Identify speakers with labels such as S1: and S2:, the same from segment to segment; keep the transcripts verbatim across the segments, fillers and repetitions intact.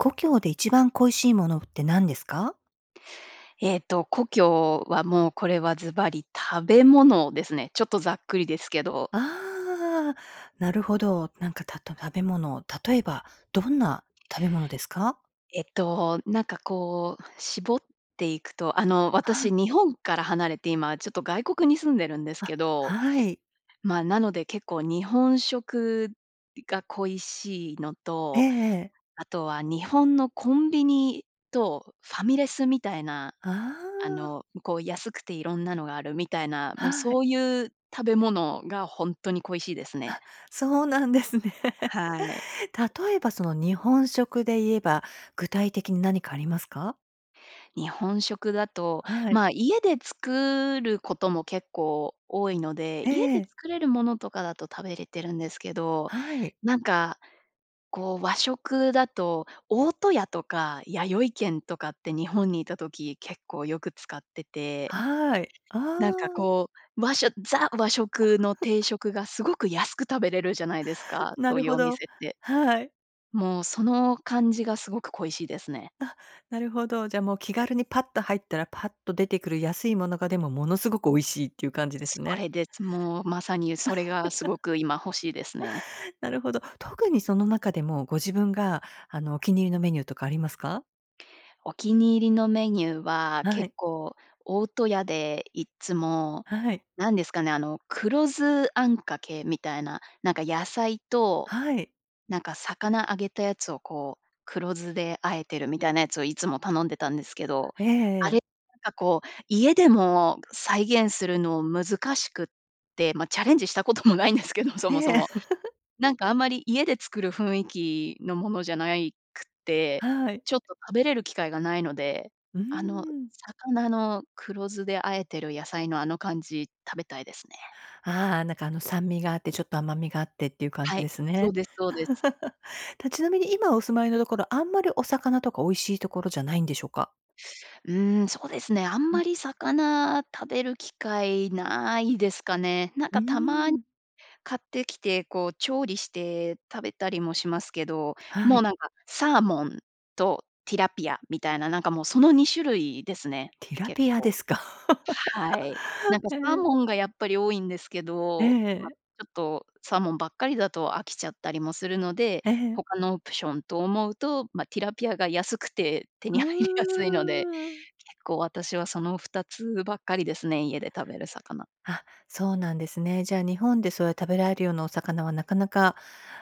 S1: 故郷で一番恋しいものって何ですか？
S2: えっと、故郷は、もうこれはずばり、食べ物ですね。ちょっとざっくりですけど。
S1: ああ、なるほど。なんか、たと食べ物、例えばどんな食べ物ですか？
S2: えっと、なんか、こう、絞っていくと、あの、
S1: は
S2: 私
S1: い。
S2: 日本から離れて、今ちょっと外国に住んでるんです
S1: あ、
S2: けど、
S1: はい。
S2: ま、なので結構日本食が恋しいの
S1: え
S2: と、
S1: え。
S2: あとは日本のコンビニとファミレスみたいな、
S1: あ
S2: あ
S1: あ。
S2: の、こう、安くていろんなのがあるみたいな、もう、
S1: は
S2: そ
S1: い。
S2: ういう食べ物が本当に恋しいですね。
S1: あ、そうなんですね。
S2: はい。
S1: 例えば、その日本食で言えば、具体的に何かありますか？
S2: 日本食だと、
S1: はい。
S2: ま、家で作ることも結構多いので、
S1: え
S2: 家で
S1: え。
S2: 作れるものとかだと食べれてるんですけど、
S1: はい。
S2: なんか、こう、和食だと大戸屋とかやよい軒とかって日本にいた時、結構よく使ってて、
S1: はい。あ
S2: なんか、
S1: あ。
S2: こう、和しょザ和食の定 食がすごく安く食べれるじゃないですか、
S1: な
S2: そう
S1: る
S2: いう
S1: ほ
S2: お
S1: ど、
S2: 店って。
S1: はい。
S2: もう、その感じがすごく恋しいですね。
S1: あっ、なるほど。じゃあ、もう気軽にパッと入ったらパッと出てくる安いものが、でも、ものすごく美味しいっていう感じです
S2: そ
S1: ね。
S2: れです。もう、まさにそれが、すご く今、欲しいですね。
S1: なるほど。特にその中でも、ご自分が、あの、お気に入りのメニューとかありますか？
S2: お気に入りのメニューは
S1: は
S2: 結
S1: い。
S2: 構、大戸屋でいっつも、
S1: はい。
S2: 何ですかね、あの黒酢あんかけみたいな、なんか、野菜と、
S1: はい。
S2: なんか、魚揚げたやつをこう黒酢で和えてるみたいなやつをいつも頼んでたんですけど、
S1: え
S2: あ
S1: え。
S2: れなんかこう、家でも再現するの難しくって、ま、チャレンジしたこともないんですけど、そもそ
S1: ええ。
S2: も。なんかあんまり家で作る雰囲気のものじゃないくて、
S1: はい。
S2: ちょっと食べれる機会がないので、
S1: うー
S2: あの
S1: ん。
S2: 魚の黒酢で和えてる野菜のあの感じ食べたいですね。
S1: ああ、なんか、あの酸味があってちょっと甘みがあってっていう感
S2: は
S1: じ
S2: い、
S1: です
S2: そう
S1: ね。
S2: です、そうです。
S1: たちなみに今お住まいのところ、あんまりお魚とか美味しいところじゃないんでしょうか？
S2: うーん、そうですね、あん
S1: う
S2: ま
S1: ん。
S2: り魚食べる機会ないですかね。なん
S1: うー
S2: か、たまに
S1: ん。
S2: 買ってきて、こう調理して食べたりもしますけど、
S1: は
S2: もう、
S1: い。
S2: なんか、サーモンとティラピアみたいな、なんか、もう、そのにしゅるいですね、
S1: ティラ
S2: 結
S1: ピア
S2: 構。
S1: ですか？
S2: はい。なんか、
S1: へ
S2: サー
S1: え。
S2: モンがやっぱり多いんですけ
S1: え
S2: ど、ま、ち
S1: え。
S2: ょっとサーモンばっかりだと飽きちゃったりもするので、
S1: ええ。
S2: 他のオプションと思うと、ま、ティラピアが安くて手
S1: う
S2: に入りやすいので
S1: ーん。
S2: 結構私はそのふたつばっかりですね、家で食べる魚。
S1: あ、そうなんですね。じゃあ、日本でそういう食べられるようなお魚はなかなか、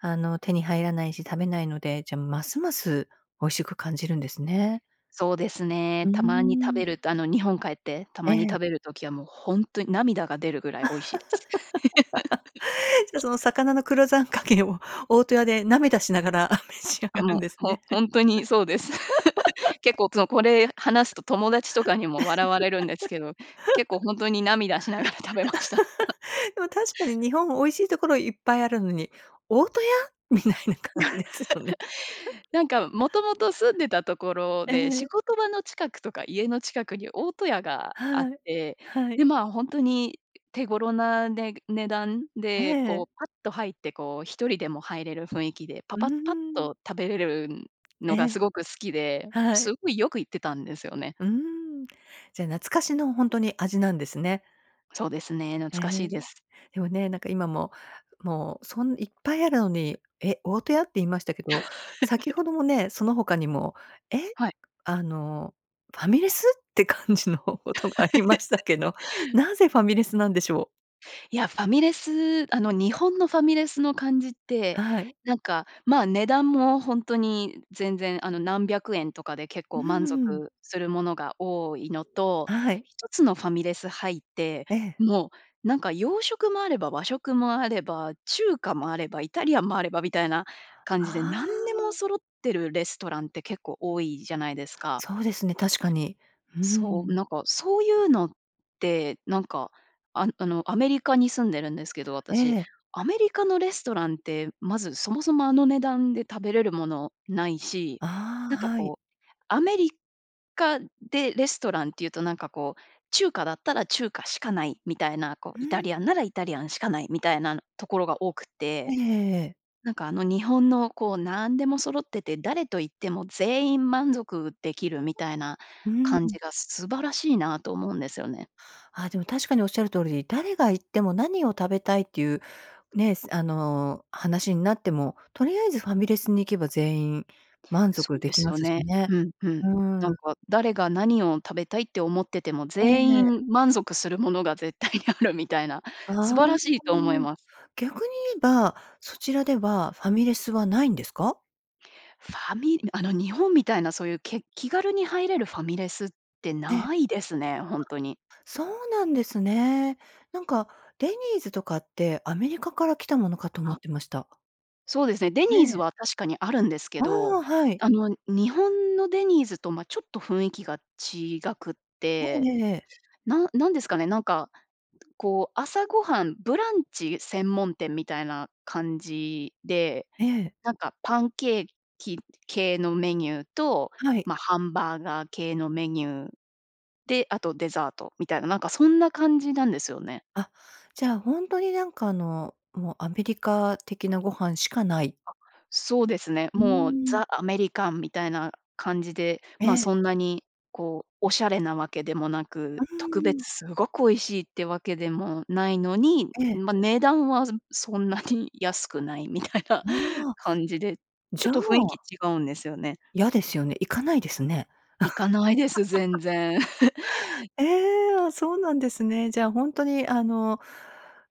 S1: あの、手に入らないし食べないので、じゃあ、ますます美味しく感じるんですね。
S2: そうですね。
S1: うー
S2: たまに食べ
S1: ん。
S2: るとあの、日本帰って、た
S1: え
S2: まに
S1: え。
S2: 食べる時はもうほんとに涙が出るぐらい美味しいです。
S1: じゃその 魚の黒酢あんかけを大戸屋で涙しながら召し上が
S2: あ、
S1: る
S2: も
S1: ん
S2: う、
S1: です
S2: ほ
S1: ね。
S2: ほんとにそうです。結 構その、これ話すと友達とかにも笑われるんですけど、結構ほんとに涙しながら食べました。
S1: でも確かに日本美味しいところいっぱいあるのに、大戸屋？みたいな感じですよね。
S2: なんかもともと住んでたとこ ろ
S1: え
S2: で、仕
S1: え。
S2: 事場の近くとか家の近くに大戸屋があっ
S1: はい。
S2: て、
S1: はい。
S2: で、まあ、ほんとに手頃な、ね値段
S1: え
S2: でこ
S1: え。
S2: うパッと入ってこう一人でも入れる雰囲気で、パ
S1: うー
S2: パパッ
S1: ん。
S2: と食べれる
S1: え
S2: のが
S1: え。
S2: すごく好きで、
S1: はい。
S2: すごいよく行ってたんですよね。
S1: うーん。じゃ、懐かしのほんとに味なんですね。
S2: そうですね、懐
S1: え
S2: かしい
S1: え、
S2: です。
S1: でもね、なんか今も、もう、そんいっぱいあるのに、え？大戸屋って言いましたけど、先ほ どもね、その他にも、え？
S2: はい。
S1: あのファミレスって感じのことがありましたけ どなぜファミレスなんでしょう？
S2: いや、ファミレスあの日本のファミレスの感じって、
S1: はい。
S2: なんか、まあ、値段もほんとに全然あの、何百円とかで結
S1: う
S2: 構
S1: ー
S2: 満
S1: ん。
S2: 足するものが多いのと、
S1: はい。
S2: 一つのファミレス入って、
S1: ええ。
S2: もう、なんか洋食もあれば和食もあれば、中華もあれば、イタリアンもあればみたいな感じで、
S1: あ
S2: 何でも
S1: あ。
S2: 揃ってるレストランって結構多いじゃないですか。
S1: そうですね、確かに。うー
S2: そう、
S1: ん。
S2: なんか、そういうのって、なんか、ああのアメリカに住んでるんですけど、
S1: え
S2: 私。
S1: え。
S2: アメリカのレストランって、まずそもそもあの値段で食べれるものないし、
S1: あ
S2: なん
S1: あ、
S2: か
S1: はい。
S2: こう、アメリカでレストランっていうとなんかこう、中華だったら中華しかないみたいな、こう
S1: う
S2: イタ
S1: ーん。
S2: リアンならイタリアンしかないみたいなところが多く
S1: え
S2: て、
S1: えええええ。
S2: なんかあの日本のこう何でも揃ってて、誰と行っても全員満足できるみたいな
S1: う
S2: 感
S1: ん。
S2: じが素晴らしいなと思うんですよね。
S1: ああ、でも確かにおっしゃる通りで、誰が行っても何を食べたいっていう、ね、あの、話になっても、とりあえずファミレスに行けば全員、満
S2: そ
S1: 足
S2: う
S1: で
S2: で
S1: き
S2: す
S1: ま
S2: よ
S1: すし
S2: ね。
S1: ね。
S2: うん、うん。
S1: う
S2: な
S1: ー
S2: ん
S1: ん。
S2: か、誰が何を食べたいって思ってても、
S1: え
S2: 全
S1: え。
S2: 員満足するものが、絶対にあるみたいな
S1: あ
S2: 素
S1: あ、
S2: 晴らしいと思いま。
S1: 逆に言えば、そちらではファミレスはないんですか？
S2: ファミあの、日本みたいな、そういうけ気軽に入れるファミレスって
S1: ええ。
S2: ないですね、ほんとに。
S1: そうなんですね。なんかデニーズとかって、アメリカから来たものかと思
S2: あ。
S1: ってました。
S2: そうですね、デニーズ
S1: ね。
S2: は確かにあるんですけ
S1: あ
S2: ど、
S1: あ、はい。
S2: あの、日本のデニーズと、ま、ちょっと雰囲気が違くっ
S1: え
S2: て、
S1: えええええ。
S2: な何ですかね、なんか、こう、朝ごはん、ブランチ専門店みたいな感じで、
S1: ええ。
S2: なんかパンケーキ系のメニューと、
S1: はい。
S2: ま、ハンバーガー系のメニューで、あとデザートみたいな、なんかそんな感じなんですよね。
S1: あ、じゃあ、ほんとに、なんか、あの、もうアメリカ的なご飯しかない。
S2: あ、そうですね。
S1: うー
S2: もう、
S1: ん。
S2: ザ・アメリカンみたいな感じで、
S1: え
S2: ま、
S1: え。
S2: そんなに、こう、お洒落なわけでもな
S1: う
S2: く、特
S1: ー
S2: 別
S1: ん。
S2: すごく美味しいってわけでもないのに、
S1: ええ。
S2: ま、値段はそんなに安くないみたいな
S1: ああ、
S2: 感じで、ちょ
S1: じ
S2: っ
S1: ゃ
S2: と雰囲気
S1: あ
S2: 違うんですよね。
S1: 嫌ですよね。行かないですね。
S2: 行かないです、全 然。
S1: え、あ、そうなんですね。じゃ、ほんとに、あの、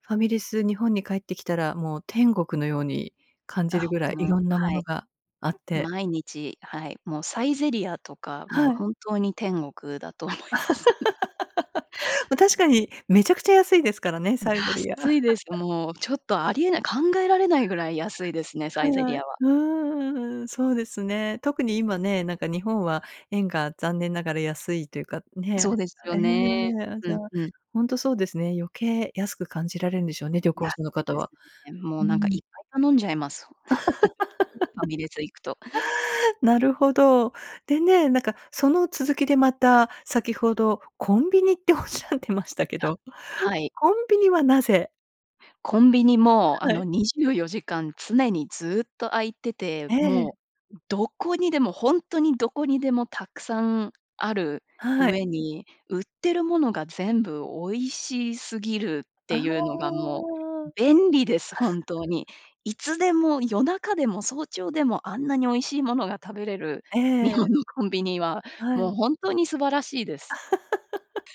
S1: ファミレス、日本に帰ってきたらもう天国のように感じる
S2: あ、
S1: ぐらい、
S2: もう、
S1: 色んなも
S2: は
S1: の
S2: い。
S1: があって。
S2: 毎日、はい、もうサイゼリヤとか、もう
S1: はい。
S2: 本当に天国だと思います。
S1: ま、確かにめちゃくちゃ安いですからね、サイゼリヤ。
S2: 安いです。もうちょっと、ありえない、考えられないぐらい安いですね、サイゼリ
S1: はい。
S2: ヤは。
S1: うーん、そうですね。特に今ね、なんか日本は円が残念ながら安いというかね。
S2: そうですよね。
S1: え、あ、じ
S2: う
S1: ゃ、
S2: ん、うん。
S1: ほんとそうですね。余計安く感じられるんでしょうね、旅行
S2: 安
S1: 者の
S2: い
S1: 方
S2: です
S1: は。
S2: ね。も
S1: う
S2: う、
S1: ー
S2: なんか、いっ
S1: ん。
S2: ぱい頼んじゃいます。ファミレス行くと。
S1: なるほど。でね、なんか、その続きで、また先ほどコンビニっておっしゃってましたけ
S2: あ、
S1: ど、
S2: はい。
S1: コンビニはなぜ？
S2: コンビニも、あ
S1: は
S2: の、
S1: い。
S2: にじゅうよじかん常にずっと開いてて、
S1: え
S2: も
S1: え。
S2: うどこにでも、ほんとにどこにでもたくさんある
S1: は
S2: う
S1: い。
S2: えに、売ってるものが全部美味しすぎるっ
S1: あ
S2: て
S1: あ。
S2: いうのがもう便利です、本当 に。いつでも、夜中でも、早朝でも、あんなに美味しいものが食べれる
S1: え
S2: 日本
S1: え。
S2: のコンビニは、
S1: は
S2: もう
S1: い。
S2: 本当に素晴らしいです。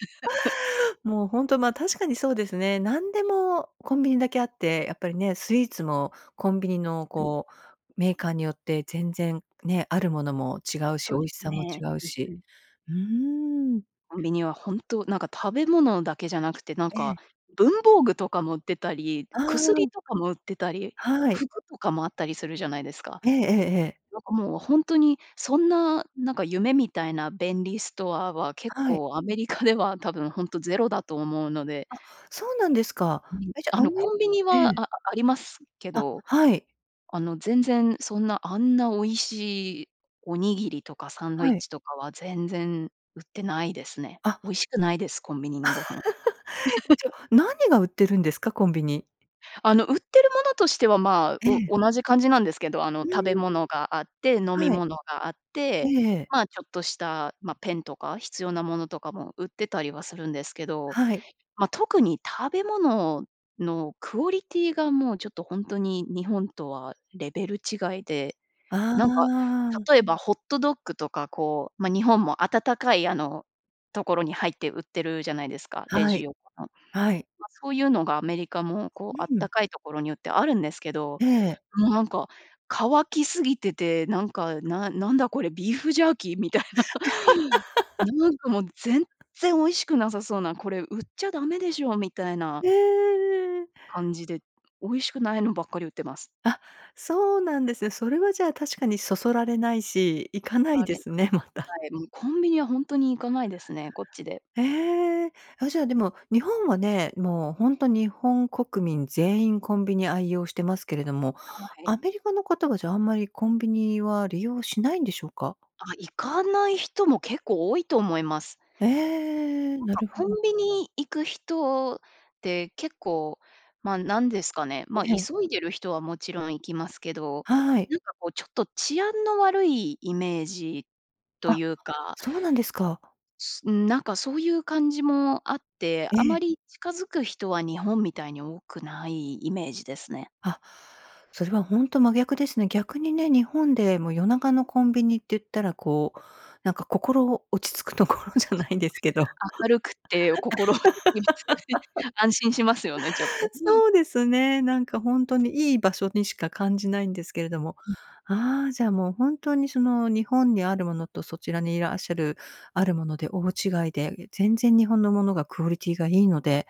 S1: もうほんと、ま、確かにそうですね。なんでもコンビニだけあって、やっぱりね、スイーツもコンビニの
S2: はい。
S1: こう、メーカーによって全然ね、あるものも違うし、
S2: そう
S1: 美
S2: で
S1: 味
S2: す
S1: しさも
S2: ね、
S1: 違う
S2: うんう
S1: し。
S2: ん。
S1: うーん。
S2: コンビニは本当、なんか食べ物だけじゃなくて、なん
S1: え
S2: か、
S1: え。
S2: 文房具とかも売ってたり、
S1: あ
S2: 薬
S1: あ。
S2: とかも売ってたり、
S1: はい。
S2: 服とかもあったりするじゃないですか。
S1: ええええええ。
S2: なんか、もう、ほんとに、そんな、なんか夢みたいな便利ストアは、結
S1: はい。
S2: 構アメリカでは、多分本当ゼロだと思うので。
S1: あ、そうなんですか。
S2: うん、
S1: え、じゃ、
S2: あ
S1: ア
S2: の、
S1: メ
S2: コンビニ
S1: え
S2: は、
S1: え。
S2: あありますけ
S1: あ、
S2: ど、
S1: はい。
S2: あの、全然そんなあんな美味しい、おにぎりとかサンドイ
S1: は
S2: ッ
S1: い。
S2: チとかは、全然売ってないですね。
S1: あ。
S2: 美味しくないです、コンビニのご飯。
S1: じ ゃ、何が売ってるんですか？コンビニ？
S2: あの、売ってるものとしては、まあ、
S1: え
S2: お
S1: え。
S2: 同じ感じなんですけど、あの、
S1: う
S2: 食
S1: ーん。
S2: べ物があって、飲み
S1: はい。
S2: 物があって、
S1: ええ。
S2: まあ、ちょっとした、ま、ペンとか、必要なものとかも売ってたりはするんですけど。
S1: はい。
S2: ま、特に食べ物のクオリティがもうちょっと本当に、日本とは、レベル違いで、
S1: あ
S2: なんか
S1: あ。
S2: 例えば、ホットドッグとかこう、まあ、日本も温かい、あの、ところに入って売ってるじゃないですか、レ
S1: は
S2: ジ
S1: い。
S2: 横の。
S1: はい。
S2: ま、そういうのがアメリカも、こう、
S1: う
S2: あった
S1: ん。
S2: かいところによってあるんですけど、
S1: ええ。
S2: もうなんか、乾きすぎてて、なんか「ななんだこれ、ビーフジャーキー？」みたいな。なんか、もう、全 然美味しくなさそうな、これ、売っちゃダメでしょみたいな
S1: へえ。
S2: 感じで、美味しくないのばっかり売ってます。
S1: あ、そうなんですね。それはじゃあ確かに、そそられないし、行か
S2: そ
S1: ない
S2: ら
S1: で
S2: れ [unintelligible]
S1: すね、また。
S2: はい。もう、コンビニは、ほんとに行かないですね、こっちで。
S1: ええ。あ、じゃあ、でも、日本はね、もう、ほんと日本国民全員コンビニ愛用してますけれども、
S2: はい。
S1: アメリカの方は、じゃ、あんまりコンビニは、利用しないんでしょうか？
S2: あ、行かない人も結構多いと思います。
S1: ええ、
S2: なん
S1: な
S2: か、
S1: るほ
S2: コ
S1: ど。
S2: ンビニ行く人って、結構、まあ、何ですかね、
S1: え
S2: ま、
S1: え。
S2: 急いでる人はもちろん行きますけど、
S1: はい。
S2: なんか、こう、ちょっと治安の悪い、イメージと
S1: あ、
S2: いうか。
S1: そうなんですか。
S2: ん、なんか、そういう感じもあって、
S1: え
S2: あ
S1: え。
S2: まり近づく人は日本みたいに多くない、イメージですね。
S1: あ、それはほんと真逆ですね。逆にね、日本で、もう、夜中のコンビニっていったらこう、なんか、心、落ち着くところじゃ
S2: す
S1: な
S2: ごい
S1: い
S2: で
S1: ですけど
S2: すね。明るくて、心落ち着きますよ ね。安心しますよね、ちょっとね。
S1: そうですね、なんか、ほんとにいい場所にしか感じないんですけれども。
S2: うん。
S1: ああ、じゃあ、もう本当に、その、日本にあるものとそちらにいらっしゃるあるもので大違いで、全然日本のものがクオリティがいいので、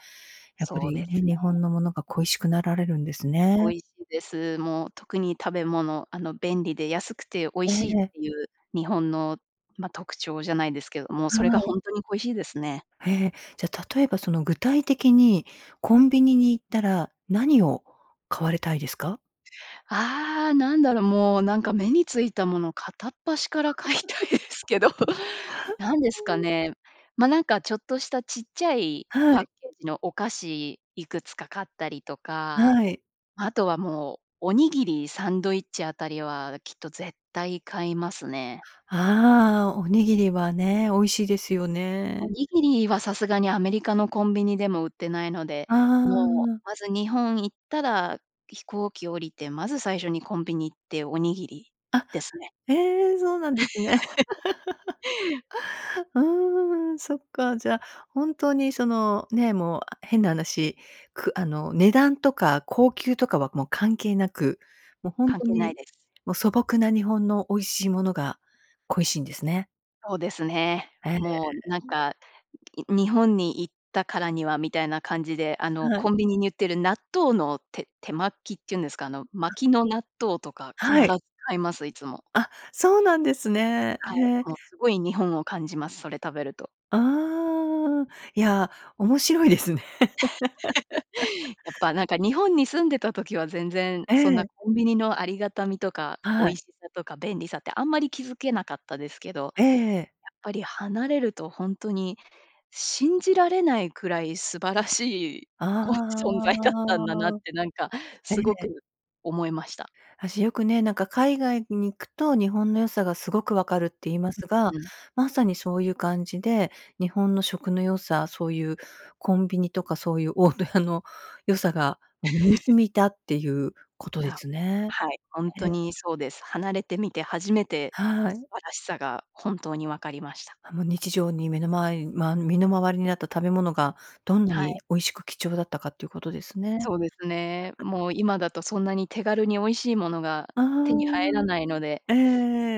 S1: やっぱ
S2: そう
S1: り
S2: で
S1: ね、
S2: すね。
S1: 日本の物が恋しくなられるんですね。
S2: 恋しいです。もう特に食べ物、あの、便利で安くて美味
S1: え
S2: しいっ
S1: え。
S2: ていう、日本の、ま、特徴じゃないですけれども、それ
S1: は
S2: がほ
S1: い。
S2: んとに恋しいですね。
S1: へえ。じゃ例えば、その、具体的にコンビニに行ったら何を買われたいですか？
S2: ああ、なんだろう。もう、なんか目についたもの片っ端から買いたいです けど、何ですか ね。ま、なんか、ちょっとしたちっちゃい、
S1: は
S2: パッ
S1: い。
S2: ケージのお菓子、いくつか買ったりとか、
S1: はい。
S2: あとはもう、おにぎり、サンドイッチあたりは、きっと絶対買いますね。
S1: ああ、おにぎりはね、美味しいですよ
S2: お
S1: ね。
S2: にぎりは、さすがにアメリカのコンビニでも売ってないので、
S1: あ
S2: もう、
S1: あ。
S2: まず日本行ったら、飛行機降りて、まず最初にコンビニ行って、おにぎり
S1: あ、
S2: ですね。
S1: へえ、そうなんですね。ああ、そっかじゃ、本当にその、ね、もう変な話、くあの、値段とか高級とかは、もう関係なく、もうほん
S2: 関
S1: と
S2: 係ない
S1: に、
S2: です。
S1: もう素朴な日本の美味しいものが、恋しいんですね。
S2: そうですね。
S1: え、ん。
S2: もう、なんか、に日本に行ったからにはみたいな感じで、あの
S1: は
S2: コ
S1: い。
S2: ンビニに売ってる納豆の手手巻きっていうんですか？あの
S1: あ。
S2: 巻きの納豆とか必
S1: は
S2: ず
S1: い。
S2: 買います、いつも。
S1: あ、そうなんですね。
S2: は
S1: へえ。
S2: い、もう、すごい日本を感じます。それ食べると。
S1: ああ。いや、面白いですね。
S2: やっぱ、なんか日本に住んでた時は、全然、
S1: え
S2: そんな
S1: え。
S2: コンビニのありがたみとか、美
S1: はい。
S2: 味しさとか便利さってあんまり気づけなかったですけど、やっ
S1: ええ。
S2: ぱり離れるとほんとに信じられないくらい素晴らしい、こう、存在だったんだなっ
S1: あ。
S2: て、なんか
S1: え
S2: すご
S1: え。
S2: く思いました。
S1: あ、じゃ、よくね、なんか海外に行くと日本の良さがすごく分かるって言いま
S2: う、
S1: すが、
S2: うん。
S1: まさにそういう感じで、日本の食の良さ、そういうコンビニとか、そういう大戸屋の良さが、もう身に 染みたっていうこと
S2: い
S1: で
S2: や、
S1: すね。
S2: はい、ほんと
S1: ええ。
S2: にそうです。離れてみて、初めて
S1: はい。
S2: 素晴らしさが本当に分かりました。
S1: あ、もう日常に、めの周りま、身の周りになった食べ物が、どんな
S2: はい。
S1: に美味しく貴重だったかっていうことですね。
S2: そうですね。もう、今だとそんなに手軽に美味しいものが
S1: あ
S2: 手に入らないので。
S1: あ、え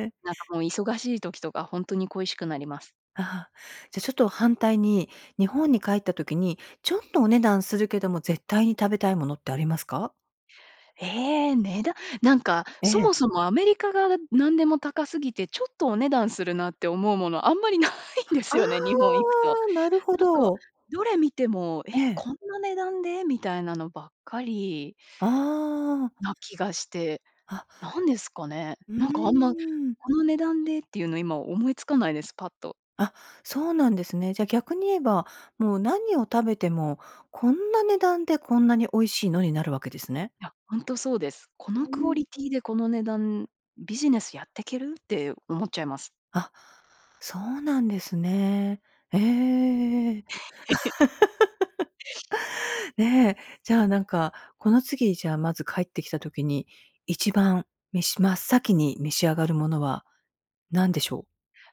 S1: え。
S2: なんか、もう、忙しい時とかほんとに恋しくなります。
S1: ああ。じゃ、ちょっと反対に、日本に帰った時に、ちょっとお値段するけども、絶対に食べたいものってありますか？
S2: え、値段なんか、
S1: え
S2: そ
S1: え。
S2: もそもアメリカが何でも高すぎて、ちょっとお値段するなって思うもの、あんまりないんですよね、日本行くと。
S1: あ、なるほ
S2: なんか
S1: ど。
S2: どれ見ても、え、
S1: え。
S2: こんな値段でみたいなのばっかり
S1: ああ。
S2: な気がして、
S1: あ。
S2: 何ですかね。
S1: う
S2: なんか、あんま、
S1: ーん。
S2: この値段でっていうの、今思いつかないです、パッと。
S1: あ、そうなんですね。じゃ、逆に言えば、もう何を食べても、こんな値段でこんなに美味しいのになるわけですね。
S2: いや、本当そうです。こ
S1: う
S2: のクオ
S1: ん。
S2: リティでこの値段、「ビジネスやってける？」って思っちゃいます。
S1: あ、そうなんですね。ええ。ね、じゃ、なんか、この次、じゃ、まず帰ってきた時に、いちばん召し真っ先に召し上がるものは何でしょう？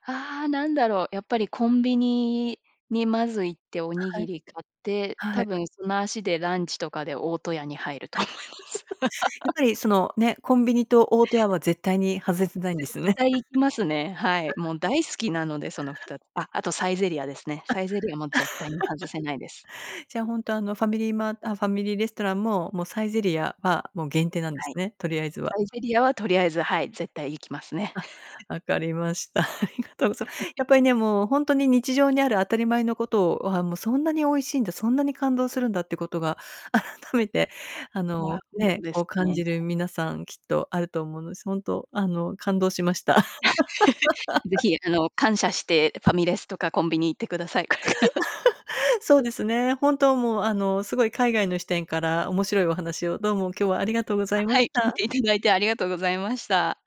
S2: あ、何だろう。やっぱりコンビニにまず行って、おに
S1: は
S2: ぎ
S1: い。
S2: り買って、
S1: は
S2: 多
S1: い。
S2: 分、その足でランチとかで大戸屋に入ると思います。
S1: やっぱり、その、ね、コンビニと大戸屋は絶対に外せ
S2: 絶
S1: ないんですよね。
S2: 対行きますね。はい。もう大好きなので、そのふ たあ、あとサイゼリヤですね。
S1: あ。
S2: サイゼリヤも絶対に外せないです。
S1: じゃ、本当、あの、ファミリーマーあ、ファミリーレストランも、もうサイゼリヤは、もう限定なんで
S2: は
S1: す
S2: い。
S1: ね、とりあえずは。
S2: サイゼリヤは、とりあえず、はい、絶対行きますね。
S1: あ、分かりました。ありがとうございまやっぱり ね、もう本当に日常にある当たり前のことをは、もうそんなに美味しいんだ、そんなに感動するんだってことが改めて、あ
S2: いや、
S1: の、
S2: ほんと
S1: ね、
S2: で
S1: こ
S2: す
S1: う感
S2: ね。
S1: じる、皆さんきっとあると思うので、す本当、あの感動しました。
S2: 是 非、あの、感謝してファミレスとかコンビニ行ってください。これから。
S1: そうですね、本当、もう、あの、すごい海外の視点から面白いお話をどうも今日はありがとうございま
S2: は
S1: し
S2: い。聞い
S1: た。
S2: ていただいてありがとうございました。